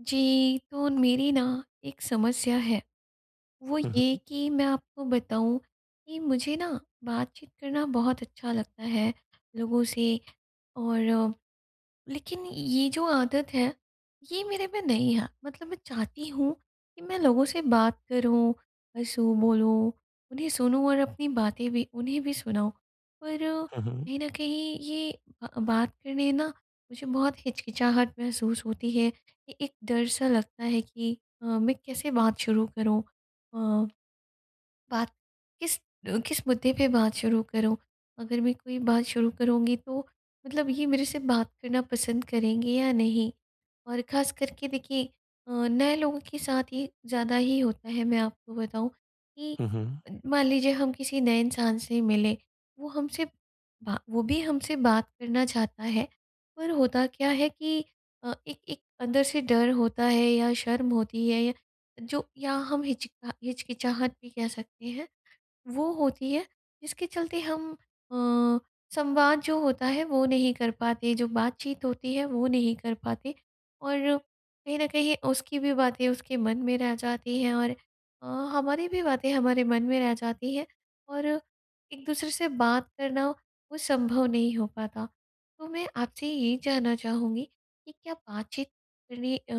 जी, तो मेरी न एक समस्या है। वो हुँ, ये हुँ। कि मैं आपको बताऊँ कि मुझे न बातचीत करना बहुत अच्छा लगता है लोगों से और लेकिन ये जो आदत है ये मेरे में नहीं है। मतलब मैं चाहती हूँ कि मैं लोगों से बात करूँ, हँसू, बोलूँ, उन्हें सुनूँ और अपनी बातें भी उन्हें भी सुनाऊँ। पर हुँ, हुँ। कहीं न कहीं ये ब बात करने न मुझे बहुत हिचकिचाहट महसूस होती है कि एक डर सा लगता है कि अ, मैं कैसे बात शुरू करूँ? अ, बात किस अ, किस मुद्दे पे बात शुरू करूँ? अगर मैं कोई बात शुरू करूँगी तो मतलब ये मेरे से बात करना पसंद करेंगे या नहीं? और ख़ास करके देखिए अ, नए लोगों के साथ ये ज़्यादा ही होता है मैं आपको बताऊँ कि हुँ, हुँ। मान लीजिए हम किसी नए इंसान से मिले वो हमसे बा वो भी हमसे बात करना चाहता है पर होता क्या है कि अ, एक एक अंदर से डर होता है या शर्म होती है य जो या हम हिच हिचकिचाहट भी कह सकते हैं। वो होती है जिसके चलते हम अ, संवाद जो होता है वो नहीं कर पाते, जो बातचीत होती है वो नहीं कर पाते और कहीं न कहीं उसकी भी बातें उसके मन में रह जाती हैं और अ, हमारी भी बातें हमारे मन में रह जाती हैं और एक दूसरे से बात करना वो संभव नहीं हो पाता। तो मैं आपसे ये जानना चाहूँगी कि क्या बातचीत करनी अ,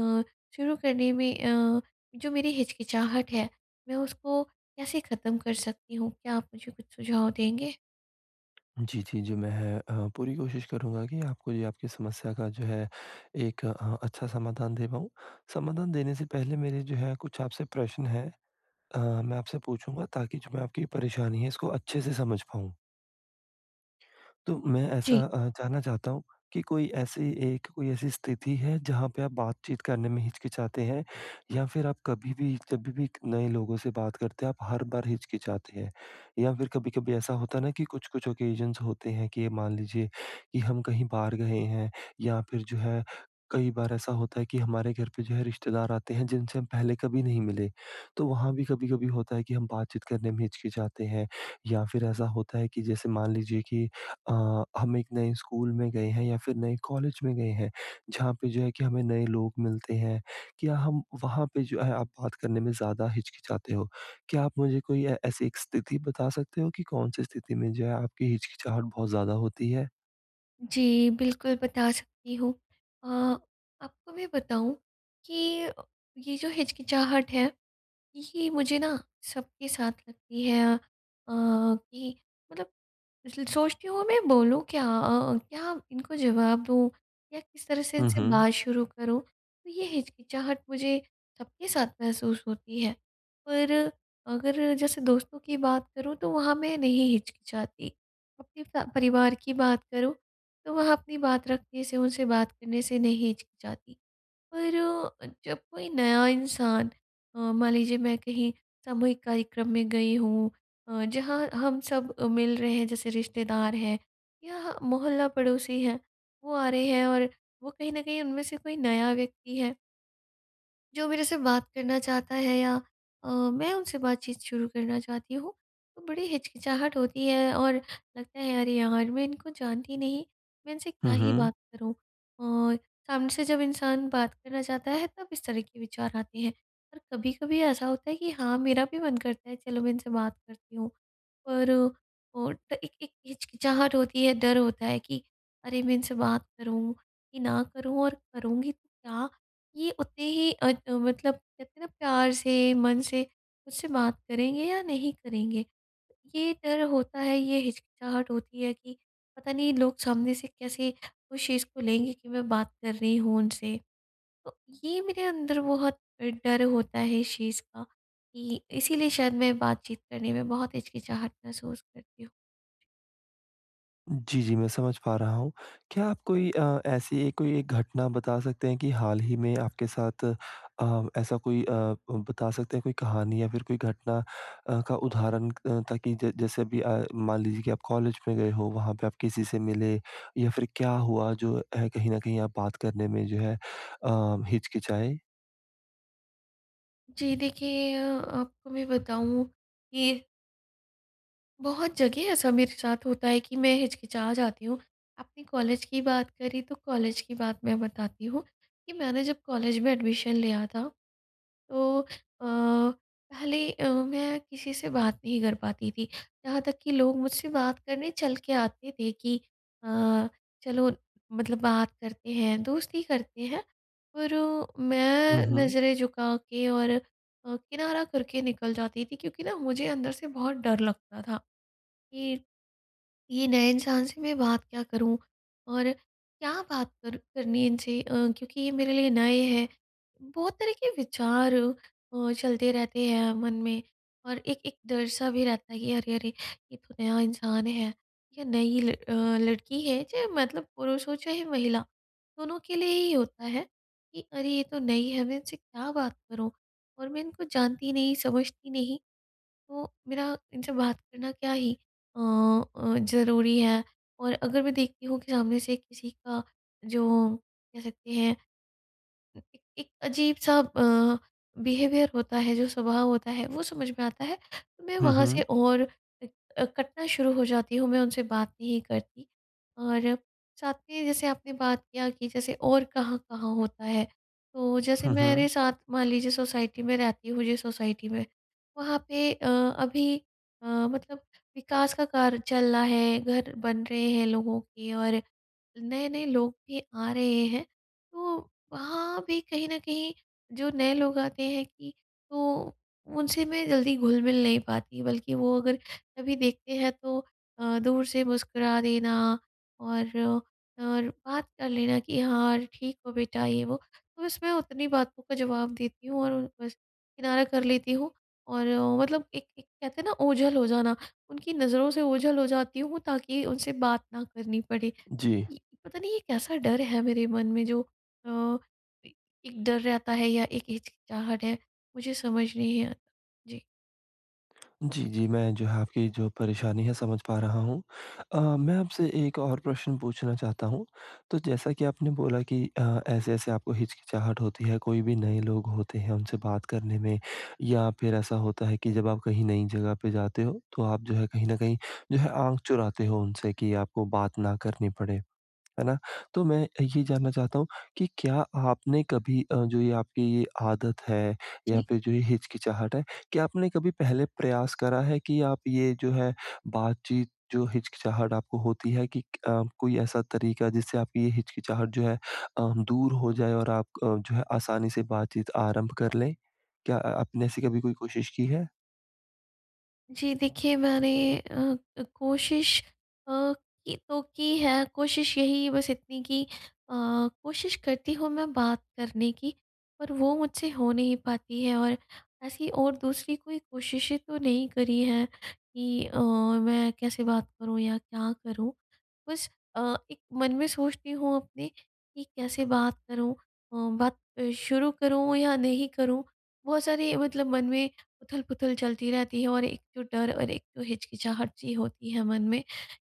शुरू करने में अ, जो मेरी हिचकिचाहट है मैं उसको कैसे खत्म कर सकती हूँ? क्या आप मुझे कुछ सुझाव देंगे? जी, जी, जी। मैं अ, पूरी कोशिश करूँगा कि आपको ये आपकी समस्या का जो है, एक अ, अच्छा समाधान दे पाऊँ। समाधान देने से पहले मेरे जो है कुछ आपसे प्रश्न हैं अ, मैं आपसे पूछूँगा ताकि जो मैं आपकी परेशानी है, इसको अच्छे से समझ पाऊँ। तो, मैं जी। ऐसा अ, जानना चाहता हूँ, कि कोई ऐसी एक कोई ऐसी स्थिति है जहाँ पे आप बातचीत करने में हिचकिचाते हैं या फिर आप कभी भी जभी भी क नए लोगों से बात करते हैं, आप हर बार हिचकिचाते हैं? या फिर कभी-कभी ऐसा होता है ना कि कुछ-कुछ ऑकेज़न्स होते हैं, के मान लीजिए कि हम कहीं बाहर गए हैं या फिर जो है, कई बार ऐसा होता है कि हमारे घर पे जो है रिश्तेदार आते हैं, जिनसे हम पहले कभी नहीं मिले, तो वहाँ भी कभी-कभी होता है कि हम बातचीत करने में हिचकिचाते हैं। या फिर ऐसा होता है कि जैसे मान लीजिए कि अ, हम 1 नए स्कूल में गए हैं या फिर नए कॉलेज में गए हैं, जहाँ पे जो है कि हमें नए लोग मिलते हैं। क्या हम वहाँ पे जो है आप बात करने में ज़्यादा हिचकिचाते हो, क्या आप मुझे कोई अ, ऐसी 1 स्थिति बता सकते हो कि कौन-सी स्थिति में जो है आपकी हिचकिचाहट बहुत ज़्यादा होती है? जी, बिल्कुल बता सकती हूँ। अ, आपको मैं बताऊँ कि ये जो हिचकिचाहट है ये मुझे ना सबके साथ लगती है। अ, कि मतलब इसलिए सोचती हूँ मैं बोलूँ क्या? अ, क्या इनको जवाब दूँ या किस तरह से हुँ, इनसे हुँ। बात शुरू करूँ? तो ये हिचकिचाहट मुझे सबके साथ महसूस होती है पर अगर जैसे दोस्तों की बात करूँ तो वहाँ मैं नहीं हिचकिचाती। अपने स परिवार की बात करूँ तो वह अपनी बात रखने से, उनसे बात करने से नहीं हिचकिचाती। पर जब कोई नया इंसान अ, मान लीजिए मैं कहीं सामूहिक कार्यक्रम में गई हूँ अ, जहाँ हम सब मिल रहे हैं जैसे रिश्तेदार हैं या ह मोहल्ला पड़ोसी हैं वो आ रहे हैं और वो कहीं न कहीं उनमें से कोई नया व्यक्ति है। जो मेरे से बात करना चाहता है या अ, मैं उनसे बातचीत शुरू करना चाहती हूँ तो बड़ी हिचकिचाहट होती है और लगता है अरे, यार मैं इनको जानती नहीं, मैं इनसे क्या हुँ, ही हुँ। बात करूँ? और सामने से जब इंसान बात करना चाहता है तब इस तरह के विचार आते हैं। और कभी-कभी ऐसा होता है कि हाँ, मेरा भी मन करता है चलो मैं इनसे बात करती हूँ, पर ओट एक एक हिचकिचाहट होती है डर होता है कि अरे, मैं इनसे बात करूँ कि ना करूँ और करूँगी तो क्या? ये उतने ही अ, मतलब कहते ना प्यार से, मन से मुझसे बात करेंगे या नहीं करेंगे? ये डर होता है, ये हिचकिचाहट होती है कि पता नहीं लोग सामने से कैसे उस चीज़ को लेंगे कि मैं बात कर रही हूँ उनसे, तो ये मेरे अंदर बहुत डर होता है इस चीज़ का कि इसीलिए शायद मैं बातचीत करने में बहुत हिचकिचाहट महसूस करती हूँ। जी, जी मैं समझ पा रहा हूँ। क्या आप कोई अ, ऐसी कोई घटना बता सकते हैं कि हाल ही में आपके साथ अ, ऐसा कोई अ, उ बता सकते हैं कोई कहानी या फिर कोई घटना अ, का उदाहरण क अ, ताकि जै जैसे अभी अ, मान लीजिए की आप कॉलेज में गए हो वहाँ पे आप किसी से मिले या फिर क्या हुआ जो अ, कहीं न कहीं आप बात करने में जो है अ, हिचकिचाए? जी देखिए अ, आपको मैं बताऊँ कि बहुत जगह ऐसा मेरे साथ होता है कि मैं हिचकिचा जाती हूँ। आपने कॉलेज की बात करी तो कॉलेज की बात मैं बताती हूँ, कि मैंने जब कॉलेज में एडमिशन लिया था तो अ, पहले अ, मैं किसी से बात नहीं कर पाती थी। यहाँ तक कि लोग मुझसे बात करने चल के आते थे कि अ, चलो मतलब बात करते हैं, दोस्ती करते हैं। पर हुँ, मैं हुँ। नज़रें झुका के और अ, किनारा करके निकल जाती थी। क्योंकि न मुझे अंदर से बहुत डर लगता था कि ये नए इंसान से मैं बात क्या करूँ? और क्या बात कर करनी इनसे? अ, क्योंकि ये मेरे लिए नए हैं। बहुत तरह के विचार अ, चलते रहते हैं मन में। और एक एक डर-सा भी रहता है कि अरे, अरे! ये तो नया इंसान है या नई ल अ, लड़की है चाहे मतलब पुरुष हो चाहे महिला, दोनों के लिए ही होता है कि अरे! ये तो नई है मैं इनसे क्या बात करूँ? और मैं इनको जानती नहीं, समझती नहीं। तो मेरा इनसे बात करना क्या ही अ अ, ज़रूरी है? और अगर मैं देखती हूँ कि सामने से किसी का जो कह सकते हैं एक एक अजीब-सा अ, बिहेवियर होता है जो स्वभाव होता है वो समझ में आता है। तो मैं हुँ, वहाँ से हुँ। और इ अ, कटना शुरू हो जाती हूँ, मैं उनसे बात नहीं करती। और साथ में जैसे आपने बात किया कि जैसे और कहाँ-कहाँ होता है? तो जैसे हुँ, हुँ। मेरे साथ मान लीजिए सोसाइटी में रहती हूँ जिस सोसाइटी में, वहाँ पे अ, अभी अ, मतलब विकास का कार्य चल रहा है, घर बन रहे हैं लोगों के और नए-नए लोग भी आ रहे हैं। तो वहाँ भी कहीं न कहीं जो नए लोग आते हैं कि तो उनसे मैं जल्दी घुल-मिल नहीं पाती बल्कि वो अगर कभी देखते हैं तो अ, दूर से मुस्कुरा देना और, और बात कर लेना कि हाँ ठीक हो बेटा? ये वो। तो बस मैं उतनी बातों का जवाब देती हूँ और बस किनारा कर लेती हूँ। और मतलब एक एक कहते हैं ना ओझल हो जाना, उनकी नज़रों से ओझल हो जाती हूँ ताकि उनसे बात ना करनी पड़े। जी। ये पता नहीं ये कैसा डर है मेरे मन में जो अ, ए एक डर रहता है या एक हिचकिचाहट है? मुझे समझ नहीं अ, जी। जी, जी, मैं जो है आपकी जो परेशानी है, समझ पा रहा हूँ। अ, मैं आपसे एक और प्रश्न पूछना चाहता हूँ, तो जैसा कि आपने बोला कि अ, ऐसे-ऐसे आपको हिचकिचाहट होती है, कोई भी नए लोग होते हैं, उनसे बात करने में या फिर ऐसा होता है कि जब आप कहीं नई जगह पे जाते हो, तो आप जो है कहीं न कहीं जो है, आँख चुराते हो उनसे कि आपको बात ना करनी पड़े। है ना? तो मैं अ, ये जानना चाहता हूँ, कि क्या आपने कभी अ, जो ये आपकी ये आदत है या जी। फिर जो ये हिचकिचाहट है, क्या आपने कभी पहले प्रयास करा है कि आप ये जो है, बातचीत जो हिचकिचाहट आपको होती है कि क अ, कोई ऐसा तरीक़ा जिससे आपकी ये हिचकिचाहट जो है अ, दूर हो जाए और आप क जो है आसानी से बातचीत आरंभ कर लें। क्या अ आपने ऐसी कभी कोई कोशिश की है? जी, देखिए मैंने अ अ, कोशिश अ, की तो की है, कोशिश यही बस इतनी कि अ, कोशिश करती हूँ मैं बात करने की, पर वो मुझसे हो नहीं पाती है और ऐसी और दूसरी कोई कोशिशें तो नहीं करी हैं कि अ, मैं कैसे बात करूँ या क्या करूँ? बस अ, एक मन में सोचती हूँ अपने, कि कैसे बात करूँ अ, बात शुरू करूँ या नहीं करूँ? बहुत सारी मतलब मन में उथल-पुथल चलती रहती है और एक जो डर और एक तो हिचकिचाहट सी होती है मन में,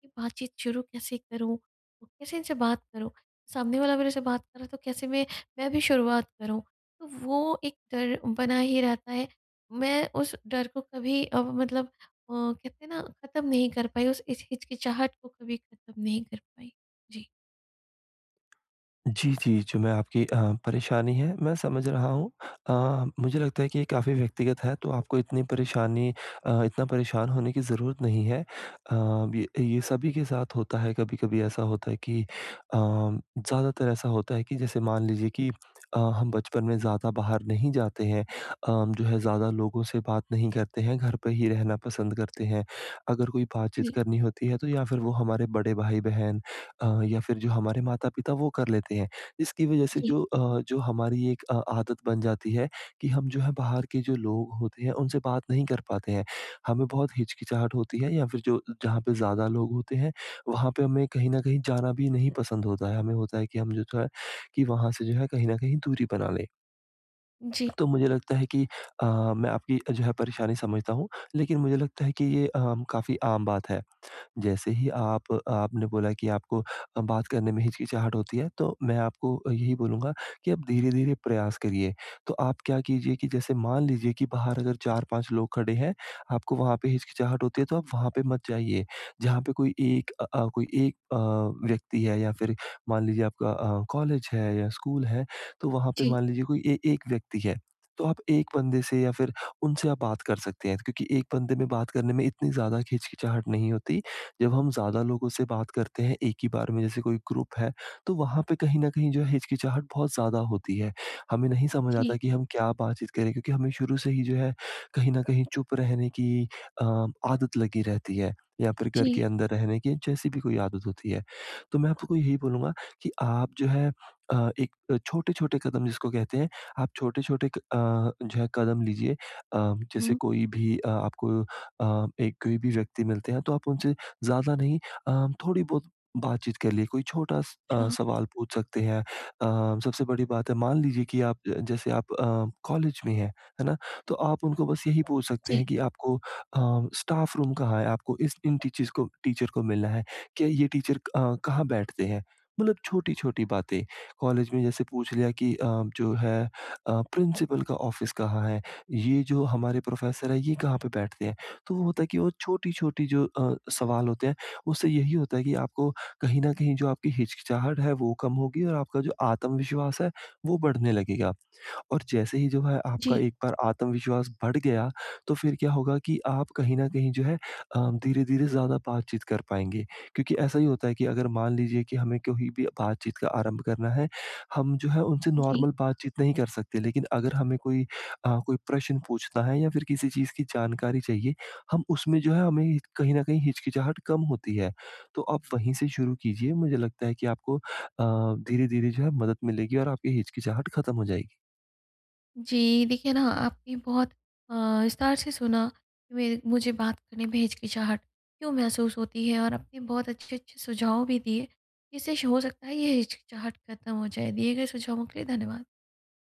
कि बातचीत शुरू कैसे करूँ? कैसे इनसे बात करूँ? सामने वाला मेरे से बात कर रहा है तो कैसे मैं, मैं भी शुरुआत करूँ। तो वो एक डर बना ही रहता है, मैं उस डर को कभी अब मतलब अ, कहते हैं ना, ख़त्म नहीं कर पाई, उस इच हिचकिचाहट को कभी ख़त्म नहीं कर पाई। जी। जी, जी, जो मैं आपकी अ, परेशानी है मैं समझ रहा हूँ अ, मुझे लगता है कि ये काफ़ी व्यक्तिगत है तो आपको इतनी परेशानी अ, इतना परेशान होने की ज़रूरत नहीं है। अ, य ये सभी के साथ होता है। कभी-कभी ऐसा होता है कि अ, ज़्यादातर ऐसा होता है कि जैसे मान लीजिए कि अ, हम बचपन में ज़्यादा बाहर नहीं जाते हैं, अ, जो है ज़्यादा लोगों से बात नहीं करते हैं, घर पे ही रहना पसंद करते हैं। अगर कोई बातचीत थ्री। करनी होती है तो या फिर वो हमारे बड़े भाई-बहन अ, या फिर जो हमारे माता-पिता वो कर लेते हैं। इसकी वजह से जी। जो अ, जो हमारी एक अ, आदत बन जाती है, कि हम जो है बाहर के जो लोग होते हैं उनसे बात नहीं कर पाते हैं। हमें बहुत हिचकिचाहट होती है या फिर जो जहाँ पे ज़्यादा लोग होते हैं वहाँ पे हमें कहीं न कहीं जाना भी नहीं पसंद होता है। हमें होता है कि, हम जो है की वहाँ से जो है कहीं न कहीं दूरी बना लें। जी। तो मुझे लगता है कि अ, मैं आपकी जो है परेशानी समझता हूँ। लेकिन मुझे लगता है कि ये अ, काफ़ी आम बात है। जैसे ही आप आपने बोला की आपको अ, बात करने में हिचकिचाहट होती है तो मैं आपको यही बोलूँगा कि आप धीरे-धीरे प्रयास करिए। तो आप क्या कीजिए कि जैसे मान लीजिए कि बाहर अगर 4-5 लोग खड़े हैं, आपको वहाँ पे हिचकिचाहट होती है तो आप वहाँ पे मत जाइए। जहाँ पे कोई एक अ अ, कोई एक अ, व्यक्ति है या फिर मान लीजिए आपका अ, कॉलेज है, या स्कूल है तो वहाँ पे जी। मान लीजिए कोई ए एक व्यक्ति है। तो आप एक बन्दे से या फिर उनसे आप बात कर सकते हैं, क्योंकि एक बन्दे में बात करने में इतनी ज़्यादा हिचकिचाहट नहीं होती। जब हम ज़्यादा लोगों से बात करते हैं एक ही बार में जैसे कोई ग्रुप है तो वहाँ पे कहीं न कहीं जो है हिचकिचाहट बहुत ज़्यादा होती है। हमें नहीं समझ आता जी। कि हम क्या बातचीत करें, क्योंकि हमें शुरू से ही जो है कहीं न कहीं चुप रहने की अ, आदत लगी रहती है या फिर घर के जी। अंदर रहने की जैसी भी कोई आदत होती है। तो मैं आपको को यही बोलूँगा कि आप जो है अ, एक छोटे-छोटे कदम जिसको कहते हैं, आप छोटे-छोटे क अ, जो है कदम लीजिए। अ, जैसे हुँ। कोई भी अ, आपको अ, एक कोई भी व्यक्ति मिलते हैं तो आप उनसे ज़्यादा नहीं अ, थोड़ी बहुत बातचीत कर ली, कोई छोटा स अ, अच्छा। सवाल पूछ सकते हैं। अ, सबसे बड़ी बात है मान लीजिए की आप ज जैसे आप अ, कॉलेज में है, है ना? तो आप उनको बस यही पूछ सकते जी। हैं कि आपको अ, स्टाफ रूम कहाँ है? आपको इस इन टीचिज़ को टीचर को मिलना है। क्या ये टीचर अ, कहाँ बैठते हैं? मतलब छोटी-छोटी बातें। कॉलेज में जैसे पूछ लिया कि अ, जो है अ, प्रिंसिपल का ऑफ़िस कहाँ है? ये जो हमारे प्रोफ़ेसर हैं ये कहाँ पे बैठते हैं? तो वो होता है कि, वो छोटी-छोटी जो अ, सवाल होते हैं उससे यही होता है कि आपको कहीं न कहीं जो आपकी हिचकिचाहट है, वो कम होगी और आपका जो आत्मविश्वास है वो बढ़ने लगेगा। और जैसे ही जो है आपका जी। एक बार आत्मविश्वास बढ़ गया, तो फिर क्या होगा कि आप कहीं न कहीं जो है अ, धीरे-धीरे ज़्यादा बातचीत कर पाएँगे। क्योंकि ऐसा ही होता है कि अगर मान लीजिए कि हमें कोई भी बातचीत का आरंभ करना है, हम जो है उनसे जी। नॉर्मल बातचीत नहीं कर सकते लेकिन अगर हमें कोई अ, कोई प्रश्न पूछना है या फिर किसी चीज़ की जानकारी चाहिए, हम उसमें जो है हमें कहीं न कहीं हिचकिचाहट कम होती है। तो आप वहीं से शुरू कीजिए, मुझे लगता है कि आपको अ, धीरे-धीरे जो है मदद मिलेगी और आपकी हिचकिचाहट ख़त्म हो जाएगी। जी देखिए ना, आपने बहुत अ, विस्तार से सुना वे मुझे बात करने में हिचकिचाहट क्यों महसूस होती है और आपने बहुत अच्छे-अच्छे सुझाव भी दिए जिससे हो सकता है ये हिचकिचाहट ख़त्म हो जाए। दिए गए सुझावों के लिए धन्यवाद।